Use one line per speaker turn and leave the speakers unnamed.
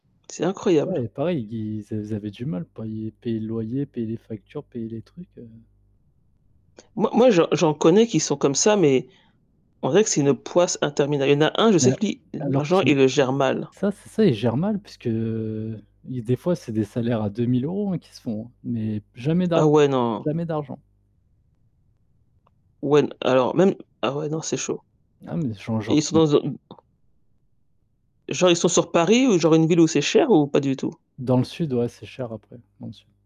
C'est incroyable.
Ouais, heu, pareil, ils ils a- avaient du mal à payer payer le loyer, payer les factures, payer les trucs, heu
Moi moi, j'en j'en connais qui sont comme ça, mais on dirait que c'est une poisse intermina il y en a un, je
Ouais,
sais que lui,
alors
l'argent, il
qui
le gère mal.
ça, c'est ça, ils gèrent mal puisque ils des fois c'est des salaires à 2000 € hein, qu'ils se font, hein mais jamais
Ah
d'argent,
ouais, non.
jamais d'argent.
Ouais, n alors même ah ouais, non c'est chaud.
Ah mais, j'en
Et
j'en
ils sont
conn
dans un m Genre, ils sont sur Paris ou genre une ville où c'est cher ou pas du tout?
Dans le sud ouais, c'est cher après dans le sud.